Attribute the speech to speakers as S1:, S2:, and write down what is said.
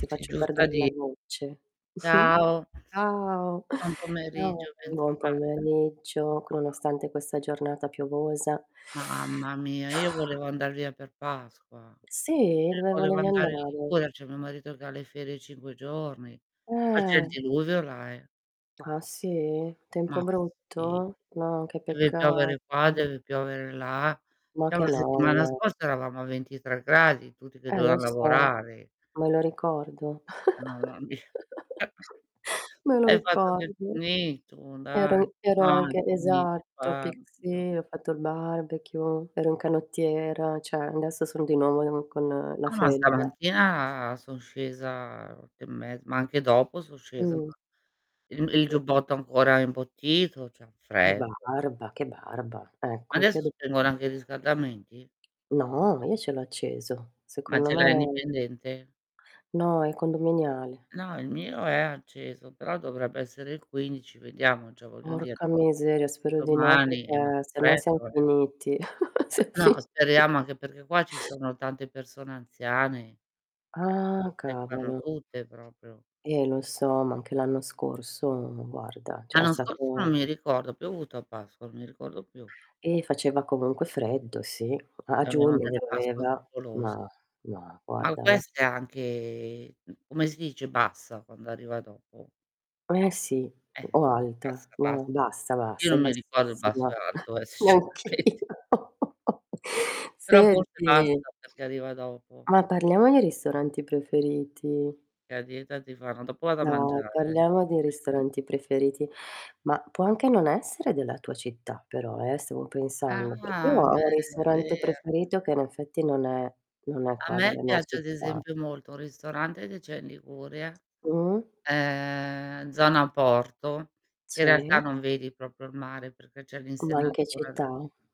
S1: Ti
S2: Sì,
S1: faccio
S2: giusta
S1: perder la
S2: di
S1: voce.
S2: ciao,
S1: Ciao,
S2: buon
S1: [unintelligible]
S2: pomeriggio,
S1: buon
S2: bentrovata.
S1: pomeriggio,
S2: [unintelligible]
S1: nonostante questa giornata piovosa.
S2: Mamma mia, io volevo andar via per Pasqua,
S1: Sì, dove
S2: volevo
S1: volevi
S2: andare in
S1: andare?
S2: Liguria, c'è mio marito che ha le ferie 5 giorni, ma c'è il
S1: Ehm
S2: diluvio là, eh.
S1: Ah, sì?
S2: Ma
S1: Tempo
S2: sì.
S1: brutto? No, che
S2: Deve
S1: peccato.
S2: piovere qua, deve piovere là.
S1: Ma
S2: Già,
S1: che
S2: settimana
S1: noia.
S2: scorsa eravamo a 23°, tutti che
S1: Eh lo
S2: dovevan
S1: so,
S2: lavorare.
S1: me lo ricordo.
S2: [unintelligible]
S1: Me lo
S2: Hai fatto del tuo
S1: ricordo.
S2: me tu dai.
S1: Ero ero anche esatto, pic
S2: [unintelligible]
S1: sì, ho fatto il barbecue, ero un canottiera, cioè, adesso sono di nuovo in con la
S2: Ah ma
S1: felpa.
S2: stamattina son scesa 8 e mezz ma anche dopo son scesa
S1: Mh.
S2: [unintelligible] il il giubbotto è ancora imbottito, c'è un
S1: Che
S2: freddo.
S1: barba, che barba. Ecco anch'io
S2: Adesso
S1: dopo
S2: spengono anche i riscaldamenti?
S1: No, io ce l'ho acceso.
S2: Ma
S1: Secondo
S2: ce
S1: me
S2: l'hai indipendente?
S1: No, è condominiale.
S2: No, il mio è acceso però dovrebbe essere il 15, vediamo già voglio dire
S1: Orca miseria, spero di no,
S2: domani è molto
S1: perché se no siam
S2: freddo, eh.
S1: finiti. Siam
S2: No,
S1: fini
S2: speriamo anche perché qua ci sono tante persone anziane,
S1: Ah,
S2: che [unintelligible]
S1: cavolo.
S2: tutte proprio
S1: Eh, lo so, ma anche l'anno scorso guarda, cioè, è
S2: L'anno scorso non
S1: stato
S2: mi ricordo, più ha piovuto a Pasqua, non mi ricordo più.
S1: Eh, faceva comunque freddo sì. A
S2: Abbiamo
S1: giugno
S2: delle pasque
S1: pioveva,
S2: favolose.
S1: ma no
S2: Ma
S1: guarda lascia s
S2: queste, anche come si dice bassa quando arriva dopo?
S1: Eh sì,
S2: Eh, è
S1: o alta,
S2: bassa bass
S1: no, bassa
S2: io
S1: bassa, è
S2: non mi ricordo il basso
S1: bassissima.
S2: e alto, eh sinceramente.
S1: Neanch'io.
S2: Però forse
S1: Senti
S2: bassa perché arriva dopo.
S1: Ma parliamo di ristoranti preferiti.
S2: La dieta ti fanno dopo vado a mangiare,
S1: No,
S2: va bene.
S1: parliamo di ristoranti preferiti, ma può anche non essere della tua città però, eh, stavo pensando, perché io
S2: Ah! Beh,
S1: ho un
S2: è
S1: ristorante
S2: vero.
S1: preferito che in effetti non è non è
S2: A
S1: qua
S2: me
S1: della mia
S2: piace ad
S1: città.
S2: esempio molto un ristorante che c'è in Liguria,
S1: Mh-mh.
S2: ehm, zona porto, in realtà
S1: Sì.
S2: non vedi proprio il mare perché c'è
S1: Ma in che
S2: l'insenatura
S1: città?